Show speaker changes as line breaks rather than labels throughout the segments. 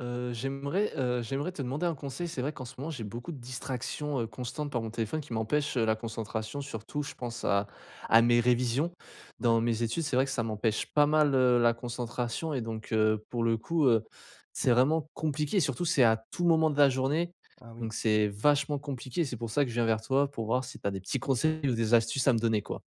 Heu, j'aimerais, heu, j'aimerais te demander un conseil. C'est vrai, qu'en ce moment, j'ai beaucoup de distractions, heu, constantes par mon téléphone qui m'empêchent, heu, la concentration, surtout, je pense à à mes révisions.
D'acc.
Dans mes études, c'est vrai que ça m'empêche pas mal, heu, la concentration et donc, heu, pour le coup, heu, c'est vraiment compliqué. Surtout c'est à tout moment de la journée
Ah
donc
oui!
c'est vachement compliqué. C'est pour ça que je viens vers toi, pour voir si tu as des petits conseils ou des astuces à me donner quoi.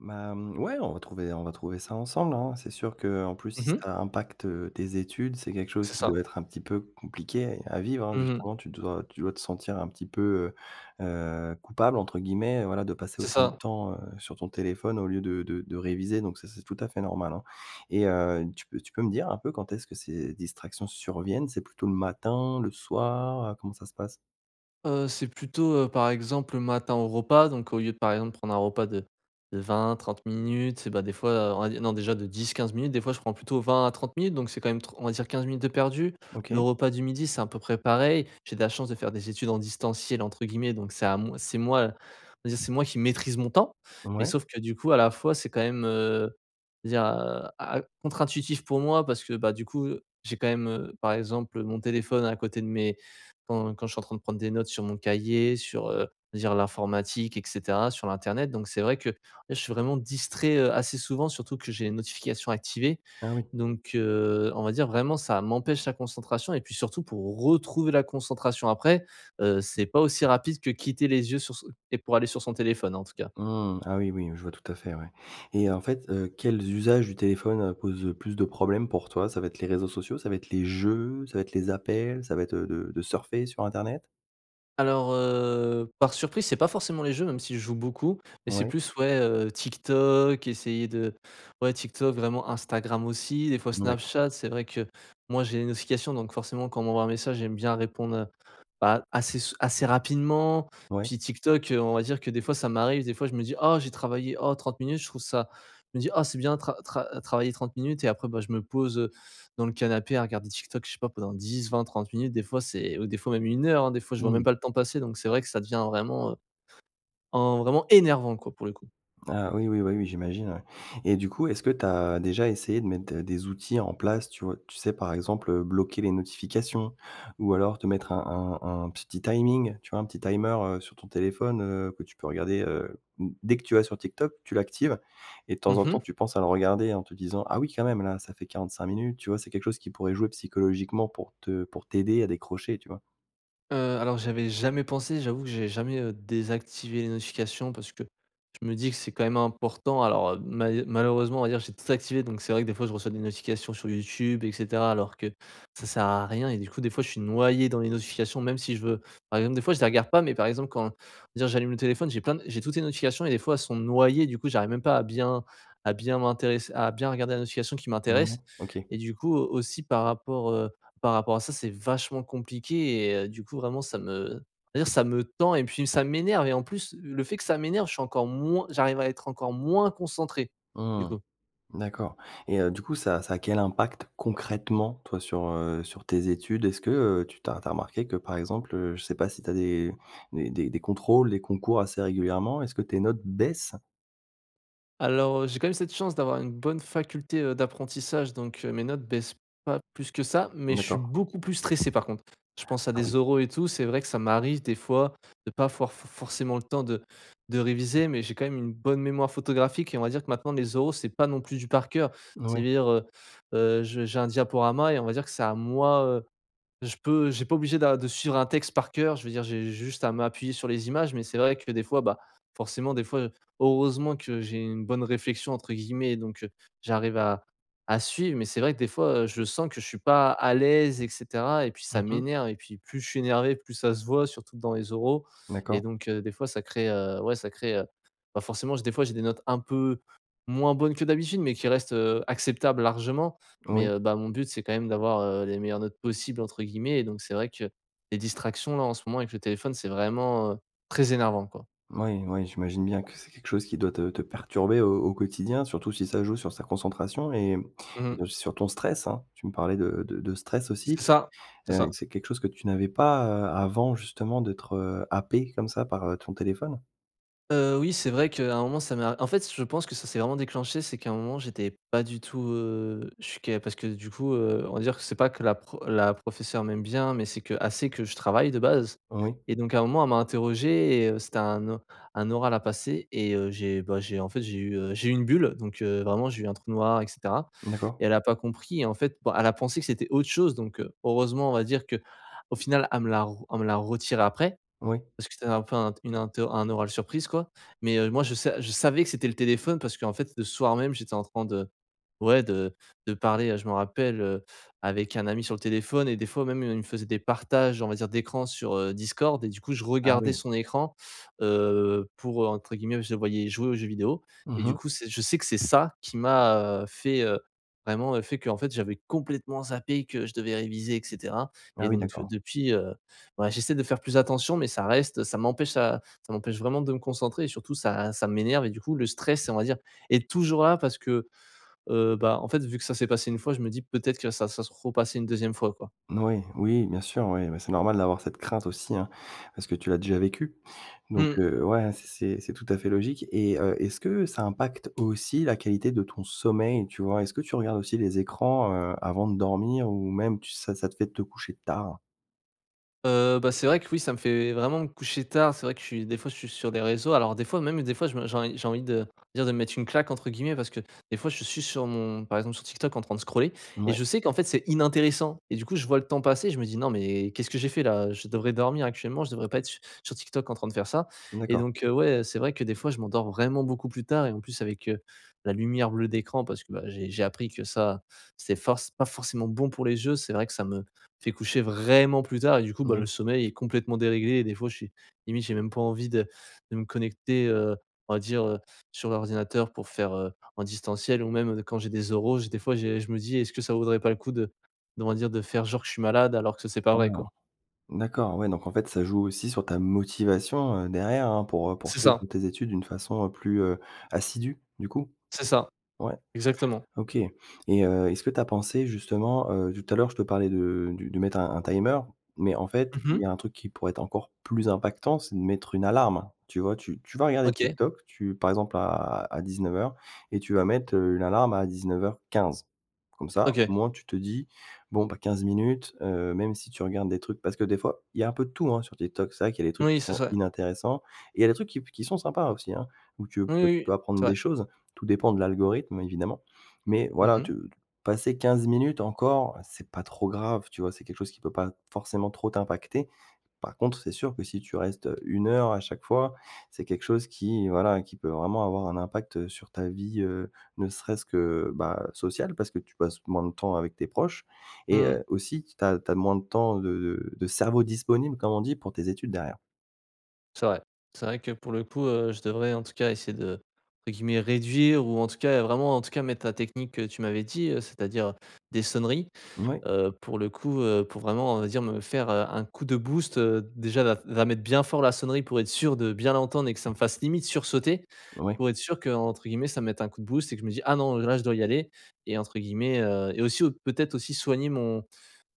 Bah, mmh, ouais, on va trouver on va trouver ça ensemble, hein. C'est sûr qu'en plus, si
Mmh mh.
ça impacte, heu, tes études, c'est quelque chose
C'est
qui
ça.
doit être un petit peu compliqué à vivre, hein,
Mmh mh.
justement. Tu dois tu dois te sentir un petit peu, heu, heu, coupable entre guillemets, voilà, de passer
C'est
autant de
ça.
temps, heu, sur ton téléphone au lieu de de de réviser. Donc, ça, c'est tout à fait normal, hein. Et heu, tu peux tu peux me dire un peu quand est-ce que ces distractions surviennent? C'est plutôt le matin, le soir? Heu, comment ça se passe?
Heu, c'est plutôt, heu, par exemple, le matin au repas, donc, au lieu, par exemple, de prendre un repas de, de 20-30 minutes, c'est, bah, des fois, heu, on va dire non, déjà, de 10-15 minutes, des fois, je prends plutôt 20 à 30 minutes. Donc, c'est quand même, tr on va dire 15 minutes de perdues. Le
OK.
repas du midi, c'est à peu près pareil. J'ai de la chance de faire des études en distanciel entre guillemets, donc, c'est à moi c'est moi, on va dire, c'est moi qui maîtrise mon temps. Mais,
Ouais.
sauf que, du coup, à la fois c'est quand même, heu dire a a contre intuitif pour moi, parce que, bah, du coup, heu, j'ai quand même, heu, par exemple, heu, mon téléphone à côté de mes quand quand je suis en train de prendre des notes sur mon cahier, sur, heu je veux dire l'informatique et cetera, sur l'internet. Donc, c'est vrai que, ouais, je suis vraiment distrait, heu, assez souvent, surtout que j'ai les notifications activées.
Ah oui.
Donc, heu, on va dire vraiment ça m'empêche la concentration. Et puis surtout pour retrouver la concentration après, heu, c'est pas aussi rapide que quitter les yeux sur son et pour aller sur son téléphone en tout cas.
Mmh, ah oui, oui, je vois tout à fait, ouais. Et en fait, heu, quels usages du téléphone, heu, posent le plus de problèmes pour toi? Ça va être les réseaux sociaux, ça va être les jeux, ça va être les appels, ça va être, heu, de de surfer sur internet?
Alors heu, par surprise c'est pas forcément les jeux, même si je joue beaucoup. Mais, c'est
Ouais.
plus, ouais, heu, TikTok, essayer de ouais TikTok, vraiment, Instagram aussi, des fois
D'accord.
Snapchat. C'est vrai que moi j'ai les notifications, donc, forcément, quand on m'envoie un message, j'aime bien répondre, heu, bah, assez sou assez rapidement.
Ouais.
Puis TikTok, heu, on va dire que des fois, ça m'arrive des fois, je me dis: «Oh j'ai travaillé, oh 30 minutes je trouve ça», je me dis: «Oh c'est bien tra tra travailler 30 minutes.» et après, bah, je me pose, heu, dans le canapé à regarder TikTok, je sais pas, pendant 10-20-30 minutes des fois. C'est au des fois même 1 heure, hein, des fois. Je vois même
Mmh.
pas le temps passer, donc, c'est vrai que ça devient vraiment, heu, en vraiment énervant, quoi, pour le coup.
Ah, oui, oui, bah, oui, j'imagine, ouais. Et du coup, est-ce que tu as déjà essayé de mettre, heu, des outils en place, tu vois tu sais par exemple, heu, bloquer les notifications ou alors te mettre un un un petit timing? Tu vois un petit timer, heu, sur ton téléphone, heu, que tu peux regarder. Heu, mmh, dès que tu vas sur TikTok, tu l'actives et de
Mmh
temps en temps,
mh.
tu penses à le regarder en te disant: «Ah oui quand même! Là, ça fait 45 minutes.» tu vois? C'est quelque chose qui pourrait jouer psychologiquement pour te pour t'aider à décrocher, tu vois?
Heu, alors, j'avais jamais pensé, et j'avoue que j'ai jamais, heu, désactivé les notifications parce que je me dis que c'est quand même important, alors, heu, malhe malheureusement, hier, j'ai tout activé. Donc, c'est vrai que, des fois, je reçois des notifications sur YouTube, et cetera, alors que ça sert à rien et du coup, des fois, je suis noyé dans les notifications, même si, je veux par exemple, des fois, je les regarde pas, mais par exemple, quand je veux dire, j'allume le téléphone, j'ai plein d j'ai toutes les notifications et, des fois, elles sont noyées, du coup, j'arrive même pas à bien à bien m'intéresser à bien regarder la notification qui
Mouais.
m'intéresse
OK.
et, du coup au aussi, par rapport, heu par rapport à ça, c'est vachement compliqué et, heu, du coup, vraiment, ça me on va dire, ça me tend et puis ça m'énerve et, en plus, le fait que ça m'énerve, je suis encore moins j'arrive à être encore moins concentré, du
Mmh.
coup.
D'accord et, heu, du coup ça ça a quel impact, concrètement toi, sur, heu, sur tes études? Est-ce que, heu, tu tu as tu as remarqué que, par exemple, heu, je sais pas si tu as des des des des contrôles, des concours assez régulièrement, est-ce que tes notes baissent?
Alors, heu, j'ai quand même cette chance d'avoir une bonne faculté, heu, d'apprentissage, donc, heu, mes notes baissent pas plus que ça. Mais je suis
D'accord.
beaucoup plus stressé, par contre. Je pense à
Ah oui.
des oraux et tout, c'est vrai que ça m'arrive, des fois, de pas for f forcément le temps de de réviser, mais j'ai quand même une bonne mémoire photographique et, on va dire que, maintenant, les oraux, c'est pas non plus du par cœur. Ça
Oui.
veut dire, heu heu, je j'ai un diaporama et, on va dire que c'est à moi, heu je peux, j'ai pas obligé d'a de suivre un texte par cœur je veux dire j'ai juste à m'appuyer sur les images mais c'est vrai que des fois, bah, forcément des fois, heu heureusement que j'ai une bonne réflexion entre guillemets donc, heu, j'arrive à à suivre mais c'est vrai que des fois, heu, je sens que je suis pas à l'aise, et cetera, et puis ça
Mmh mh.
m'énerve et puis plus je suis énervé plus ça se voit surtout dans les oraux et
D'accord.
donc, heu, des fois ça crée, heu, ouais ça crée, heu, bah, forcément j des fois j'ai des notes un peu moins bonnes que d'habitude mais qui restent, heu, acceptables largement mais,
Oui.
heu, bah, mon but c'est quand même d'avoir, heu, les meilleures notes possibles entre guillemets et donc c'est vrai que les distractions là en ce moment avec le téléphone c'est vraiment, heu, très énervant quoi.
Oui, oui, j'imagine bien que c'est quelque chose qui doit te te perturber au au quotidien, surtout si ça joue sur sa concentration et, hem,
Mmh mh.
et aussi sur ton stress, hein, tu me parlais de de de stress
C'est
aussi,
ça, c'est
heu,
ça.
c'est quelque chose que tu n'avais pas, heu, avant, justement d'être, heu, happé comme ça par, heu, ton téléphone?
Heu, oui, c'est vrai qu'à un moment, ça m'a, en fait, je pense, que ça s'est vraiment déclenché c'est qu'à un moment, j'étais pas du tout, heu, je suis qu'a parce que, du coup, heu, on va dire que c'est pas que la, heu, pro la professeur m'aime bien, mais c'est qu'elle sait que je travaille de base.
Oui.
Et donc à un moment elle m'a interrogé, et heu, c'était un o un oral à passer, et heu, j'ai, bah, j'ai, en fait, j'ai eu, heu, j'ai eu une bulle, donc, heu, vraiment, j'ai eu un trou noir et cetera.
D'accord.
Et elle a pas compris. Et en fait, bon, elle a pensé que c'était autre chose, donc, heu, heureusement, on va dire, qu'au final elle me l'a re elle me l'a retirée après,
Oui.
parce que c'était un peu un t une interr un oral surprise, quoi. Mais, heu, moi je sa je savais que c'était le téléphone, parce qu'en fait, le soir même, j'étais en train de, ouais, de de parler, heu, je m'en rappelle, heu, avec un ami sur le téléphone et des fois même il me faisait des partages, on va dire, d'écran sur heu, Discord. Et du coup, je
Ah
regardais
oui.
son écran, heu, pour, heu, entre guillemets je le voyais jouer aux jeux vidéo. Et
Mmh
du
mh.
coup, c'est je sais que c'est ça, qui m'a, heu, fait, heu, vraiment, heu fait qu'en fait, j'avais complètement zappé que je devais réviser et cetera.
Ah
Et
oui,
donc,
d'accord.
depuis, heu, ouais j'essaie de faire plus attention, mais ça reste ça m'empêche ça ça m'empêche vraiment de me concentrer, et surtout, ça ça m'énerve. Et du coup, le stress, on va dire, est toujours là, parce que, heu, bah, en fait, vu que ça s'est passé 1 fois, je me dis: «Peut-être que ça ça se repasser une 2e fois, quoi.»
Oui, oui, bien sûr. Oui, bah, c'est normal d'avoir cette crainte aussi, hein, parce que tu l'as déjà vécu. Donc,
Mmh.
heu, ouais, c c'est c'est tout à fait logique, et heu, est-ce que ça impacte aussi la qualité de ton sommeil, tu vois? Est-ce que tu regardes aussi les écrans, heu, avant de dormir ou même tu ça ça te fait te coucher tard?
Heu, bah, c'est vrai que oui, ça me fait vraiment me coucher tard. C'est vrai que, je suis, des fois je suis sur des réseaux, alors des fois, même des fois, je me j'ai env j'ai envie de dire, de me "mettre une claque", entre guillemets, parce que des fois je suis sur, mon par exemple, sur TikTok en train de scroller et je
Mouais.
sais qu'en fait c'est inintéressant et du coup je vois le temps passer, je me dis: «Non mais, qu'est-ce que j'ai fait là? Heu, je devrais dormir actuellement, je devrais pas être su sur TikTok en train de faire ça» et
D'accord.
donc, heu, ouais, heu, c'est vrai que des fois je m'endors vraiment beaucoup plus tard et en plus avec, heu, la lumière bleue d'écran, parce que, bah, j'ai j'ai appris que ça, c'est force c'est pas forcément bon pour les yeux, c'est vrai que ça me fait coucher vraiment plus tard et du coup, bah, le
Oui.
sommeil est complètement déréglé, et des fois je suis, limite j'ai même pas envie de de me connecter, heu, on va dire, heu, sur l'ordinateur pour faire, heu, en distanciel ou même, heu, d quand j'ai les oraux j des fois j'ai je me dis: «Est-ce que ça vaudrait pas le coup d d'on va dire de faire genre que je suis malade alors que c c'est pas
Ah
vrai,
non?
quoi?»
D'accord, ouais, donc, en fait, ça joue aussi sur ta motivation, heu, derrière, hein, pour, heu,
C'est
poursuivre
ça.
tes études d'une façon, heu, plus, heu, assidue, du coup?
C'est ça.
Ouais,
Exactement.
OK. Et heu, est-ce que tu as pensé, justement, heu, tout à l'heure je te parlais de du de mettre un un timer, mais en fait
Mmh
il y
mh.
a un truc qui pourrait être encore plus impactant, c'est de mettre une alarme. Tu vois, tu tu vas regarder
OK.
TikTok, tu par exemple, à à 19:00 et tu vas mettre, heu, une alarme à 19:15 comme ça, au
OK.
moins, tu te dis: «Bon, bah, 15 minutes», heu, même si tu regardes des trucs, parce que des fois il y a un peu de tout, hein, sur TikTok, c'est vrai qu'il y a des trucs qui
Oui, c'est
sont
ça.
inintéressants et il y a des trucs qui p qui sont sympas aussi, hein, où tu
Oui,
peux
oui,
peux
c'est
apprendre
vrai!
des choses, tout dépend de l'algorithme, évidemment. Mais
Mmh
voilà,
mh.
tu t passer 15 minutes encore, c'est pas trop grave, tu vois, c'est quelque chose qui peut pas forcément trop t'impacter, par contre c'est sûr que si tu restes, heu, une heure à chaque fois, c'est quelque chose qui, voilà, qui peut vraiment avoir un impact, heu, sur ta vie, heu, ne serait-ce que, bah, sociale, parce que tu passes moins de temps avec tes proches et
Mmh.
heu, aussi t tu as tu as moins de temps de de de cerveau disponible, comme on dit, pour tes études derrière.
C'est vrai. C'est vrai que pour le coup, heu, je devrais en tout cas essayer de, entre guillemets, «réduire» ou en tout cas, heu, vraiment en tout cas mettre ta technique que tu m'avais dit, heu, c'est-à-dire des sonneries
Mouais.
heu, pour le coup, heu, pour vraiment, on va dire, me faire, heu, un coup de boost. Heu, déjà, la f la mettre bien fort, la sonnerie, pour être sûr de bien l'entendre et que ça me fasse limite sursauter.
Ouais.
Pour être sûr qu'entre guillemets, «ça me mette un coup de boost» et que je me dis: «Ah non, heu, là je dois y aller» et entre guillemets, heu et aussi, au peut-être, aussi soigner mon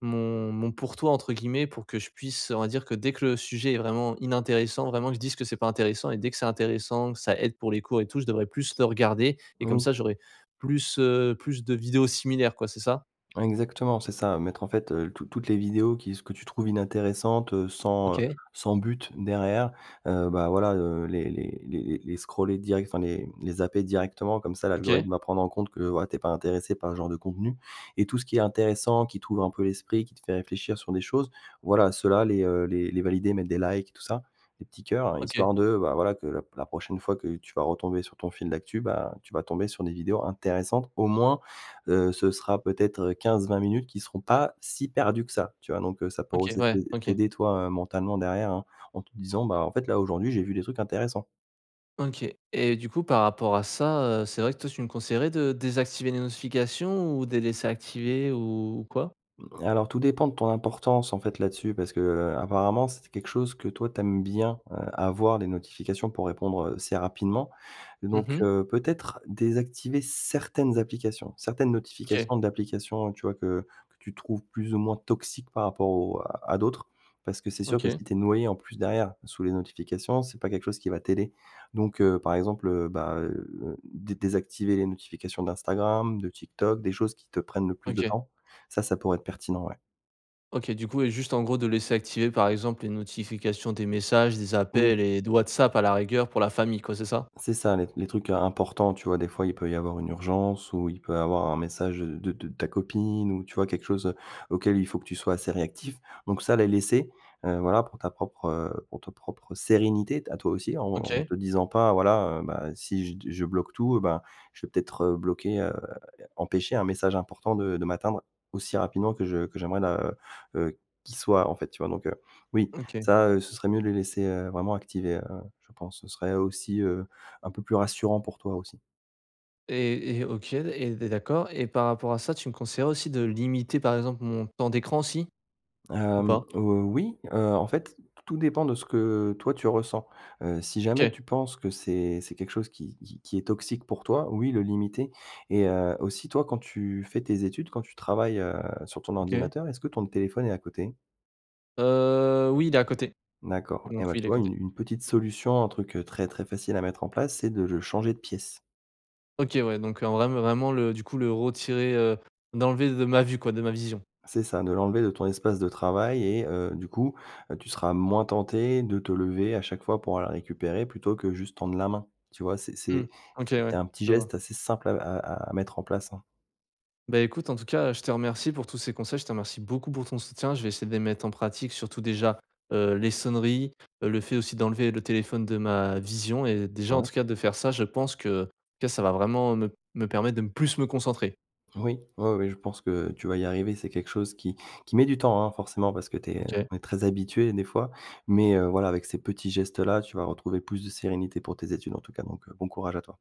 mon mon «pour toi», entre guillemets, pour que je puisse on va dire que dès que le sujet est vraiment inintéressant, vraiment, que je dise que c'est pas intéressant. Et dès que c'est intéressant, que ça aide pour les cours et tout, je devrais plus le regarder. Et comme
Oui.
ça, j'aurais plus, heu, plus de vidéos similaires, quoi, c'est ça?
Mmh, exactement c'est ça mettre en fait heu toutes toutes les vidéos qui ce que tu trouves inintéressantes, heu, sans, heu,
OK.
sans but derrière, heu, bah, voilà, heu, les les les les les scroller direct enfin, les, mmh, les zapper directement, comme ça
OK.
l'algorithme va prendre en compte que, voilà, tu es pas intéressé par ce genre de contenu. Et tout ce qui est intéressant, qui t'ouvre un peu l'esprit, qui te fait réfléchir sur des choses, voilà, ceux-là, les, heu, les les valider, mettre des likes tout ça, les petits cœurs-là,
OK.
histoire de, bah, voilà que la p la prochaine fois que tu vas retomber sur ton fil d'actu, bah, tu vas tomber sur des vidéos intéressantes au moins, heu, ce sera peut-être, heu, 15-20 minutes qui seront pas si perdues que ça, tu vois? Donc, heu, ça pourrait
OK.
aussi
Ouais.
t'aid
OK.
t'aider toi, heu, mentalement derrière hein en te disant: «Bah, en fait, là, aujourd'hui, j'ai vu des trucs intéressants».
OK. Et du coup par rapport à ça, heu, c'est vrai que toi tu me conseillerais de désactiver les notifications ou de les laisser activer ou ou quoi?
Mmh, alors tout dépend de ton importance, en fait, là-dessus, parce que, heu, apparemment, c'est quelque chose que toi, tu aimes bien, heu, avoir, les notifications, pour répondre, heu, assez rapidement.
Mmh
Donc,
mh.
heu, peut-être désactiver certaines applications, certaines
OK.
notifications d'applications, tu vois, que que tu trouves plus ou moins toxiques par rapport aux à d'autres. Parce que c'est sûr que
OK.
si tu es noyé en plus derrière, sous les notifications, c'est pas quelque chose qui va t'aider. Donc, heu, par exemple, heu, bah, heu, dé désactiver les notifications d'Instagram, de TikTok, des choses qui te prennent le plus de
OK.
temps. Ça, ça pourrait être pertinent, ouais.
OK. Du coup et juste, en gros, de laisser activées par exemple les notifications des messages, des
Oui.
appels et de Whatsapp à la rigueur pour la famille, quoi, c'est ça?
C'est ça. Les les trucs im importants, tu vois, des fois il peut y avoir une urgence ou il peut y avoir un message de de ta copine ou tu vois quelque chose, heu, auquel il faut que tu sois assez réactif. Donc, ça les laisser, heu, voilà, pour ta propre pour ta propre sérénité, t à toi aussi en en
OK.
te disant pas: «Voilà, bah, si j je bloque tout, bah, je vais peut-être bloquer, heu empêcher un message important de de m'atteindre aussi rapidement que je que j'aimerais le, heu, heu qu'il soit en fait», tu vois? Donc, oui,
OK.
ça, heu ce serait mieux de les laisser, heu, vraiment activés, heu. Je pense ce serait aussi, heu, un peu plus rassurant pour toi aussi.
Et et OK. Et de d'accord. Et par rapport à ça, tu me conseillerais aussi de limiter par exemple mon temps d'écran aussi? Ou
Hem,
pas?
heu, oui. Heu, en fait, tout dépend de ce que toi tu ressens. Heu, si jamais
OK.
tu penses que c'est c'est quelque chose qui qui est toxique pour toi, oui le limiter. Et heu, aussi, toi quand tu fais tes études, quand tu travailles, heu, sur ton
OK.
ordinateur, est-ce que ton téléphone est à côté?
Heu, oui, il est à côté.
D'accord. Et
Donc,
ouais,
oui,
tu
il est à
vois
côté.
une une petite solution, un truc très, très facile à mettre en place, c'est de le changer de pièce.
OK, ouais. Donc, en vrai vraiment le du coup, le retirer, heu d'enlever de ma vue, quoi, de ma vision.
C'est ça. De l'enlever de ton espace de travail et heu, du coup, heu, tu seras moins tenté de te lever à chaque fois pour aller le récupérer plutôt que juste tendre la main. Tu vois, c'est
Mmh.
c'est
OK, ouais,
c'est un petit
je vois.
geste assez simple à à à mettre en place, hein.
Bah, écoute, en tout cas, je te remercie pour tous ces conseils. Je te remercie beaucoup pour ton soutien. Je vais essayer de les mettre en pratique, surtout, déjà, heu, les sonneries, le fait aussi d'enlever le téléphone de ma vision. Et déjà, en
Ouais.
tout cas de faire ça, je pense que que ça va vraiment me me permettre de me plus me concentrer.
Oui, oui oui. Je pense que tu vas y arriver. C'est quelque chose qui qui met du temps, hein, forcément parce que tu es, heu,
OK.
on très habitué des fois. Mais, heu, voilà, avec ces petits gestes-là, tu vas retrouver plus de sérénité pour tes études en tout cas, donc, heu, bon courage à toi.